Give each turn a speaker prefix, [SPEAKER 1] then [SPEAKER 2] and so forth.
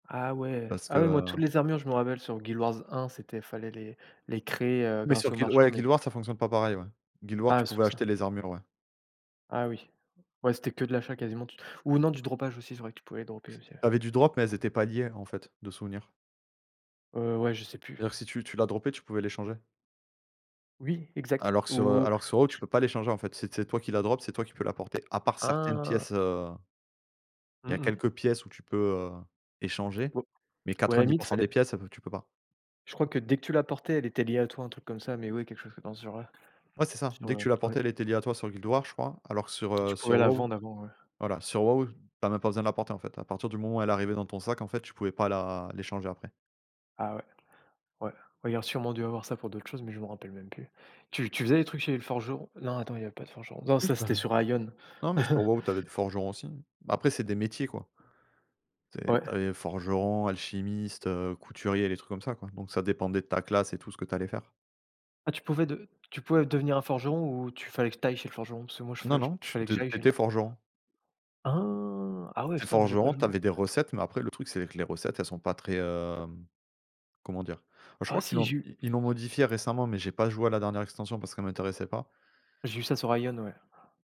[SPEAKER 1] Ah ouais!
[SPEAKER 2] Parce
[SPEAKER 1] Ah ouais, moi, toutes
[SPEAKER 2] que?
[SPEAKER 1] les armures, je me rappelle sur Guild Wars 1, c'était il fallait les les créer, heu,
[SPEAKER 2] Mais sur
[SPEAKER 1] grâce aux
[SPEAKER 2] Guild,
[SPEAKER 1] marchands,
[SPEAKER 2] ouais
[SPEAKER 1] mais s
[SPEAKER 2] Guild Wars, ça fonctionne pas pareil, ouais. Guild Wars, tu
[SPEAKER 1] Ah, c'est
[SPEAKER 2] pouvais
[SPEAKER 1] pour ça.
[SPEAKER 2] acheter les armures, ouais.
[SPEAKER 1] Ah oui, ouais, c'était que de l'achat quasiment tu ou non, du dropage aussi, c'est vrai que tu pouvais droper aussi, ouais.
[SPEAKER 2] Tu avais du drop, mais elles étaient pas liées, en fait, de souvenir.
[SPEAKER 1] Heu, ouais, je sais plus.
[SPEAKER 2] C'est-à-dire que si tu tu la dropais, tu pouvais l'échanger.
[SPEAKER 1] Oui, exact.
[SPEAKER 2] Alors que sur, heu,
[SPEAKER 1] Ou
[SPEAKER 2] alors que sur WoW, tu
[SPEAKER 1] j
[SPEAKER 2] peux pas l'échanger en fait, c'est c'est toi qui la drop, c'est toi qui peux la porter. À part certaines pièces,
[SPEAKER 1] Ah!
[SPEAKER 2] heu. Il
[SPEAKER 1] Mmh
[SPEAKER 2] y a
[SPEAKER 1] mh.
[SPEAKER 2] quelques pièces où tu peux, heu, échanger,
[SPEAKER 1] Ou
[SPEAKER 2] mais
[SPEAKER 1] ou à la
[SPEAKER 2] quatre-vingt-dix
[SPEAKER 1] limite,
[SPEAKER 2] pour
[SPEAKER 1] il
[SPEAKER 2] cent
[SPEAKER 1] fallait
[SPEAKER 2] des pièces, elles vont tu peux pas.
[SPEAKER 1] Je crois que, dès que tu la portais, elle était liée à toi, un truc comme ça, mais oui, quelque chose comme, dans ce genre là.
[SPEAKER 2] Ouais, c'est ça,
[SPEAKER 1] Ce
[SPEAKER 2] dès que
[SPEAKER 1] genre
[SPEAKER 2] tu la
[SPEAKER 1] ouais.
[SPEAKER 2] portais, elle était liée à toi sur Guild Wars, je crois, alors que sur,
[SPEAKER 1] Et tu
[SPEAKER 2] heu,
[SPEAKER 1] pouvais
[SPEAKER 2] sur
[SPEAKER 1] la
[SPEAKER 2] WoW
[SPEAKER 1] vendre avant, ouais.
[SPEAKER 2] voilà, sur WoW, tu as même pas besoin de la porter, en fait. À partir du moment où elle arrivait dans ton sac, en fait, tu pouvais pas la l'échanger, après.
[SPEAKER 1] Ah ouais. Ouais. Ouais, il y a un sûrement dû avoir ça pour d'autres choses, mais je me rappelle même plus. Tu tu faisais des trucs chez les forgerons? Non, attends, il y avait pas de forgeron. Non,
[SPEAKER 2] Oui,
[SPEAKER 1] ça
[SPEAKER 2] c'était
[SPEAKER 1] c'était sur Aion.
[SPEAKER 2] non, mais sur WoW, tu avais des forgerons, aussi. Bah, après, c'est des métiers, quoi. Tu sais,
[SPEAKER 1] Ouais.
[SPEAKER 2] tu avais forgeron, alchimiste, heu, couturier, les trucs comme ça, quoi, donc ça dépendait de ta classe, et tout ce que tu allais faire.
[SPEAKER 1] Ah, tu pouvais de tu pouvais devenir un forgeron ou tu il fallait que tu ailles chez le forgeron? Parce moi, je fe
[SPEAKER 2] Non non, tu
[SPEAKER 1] fallait
[SPEAKER 2] te
[SPEAKER 1] que
[SPEAKER 2] tu
[SPEAKER 1] j'aille chez le
[SPEAKER 2] étais forgeron.
[SPEAKER 1] Ah! Ah ouais,
[SPEAKER 2] Tu es
[SPEAKER 1] putain, moi j'ai pas
[SPEAKER 2] forgeron, tu
[SPEAKER 1] joué.
[SPEAKER 2] avais des recettes, mais après le truc, c'est que les recettes, elles sont pas très, hem, comment dire? Bah je
[SPEAKER 1] Ah
[SPEAKER 2] crois qu'ils
[SPEAKER 1] si
[SPEAKER 2] l'ont
[SPEAKER 1] j'ai vu
[SPEAKER 2] i ils l'ont modifié récemment, mais j'ai pas joué à la dernière extension parce qu'elle m'intéressait pas.
[SPEAKER 1] j'ai vu ça sur Aion, ouais.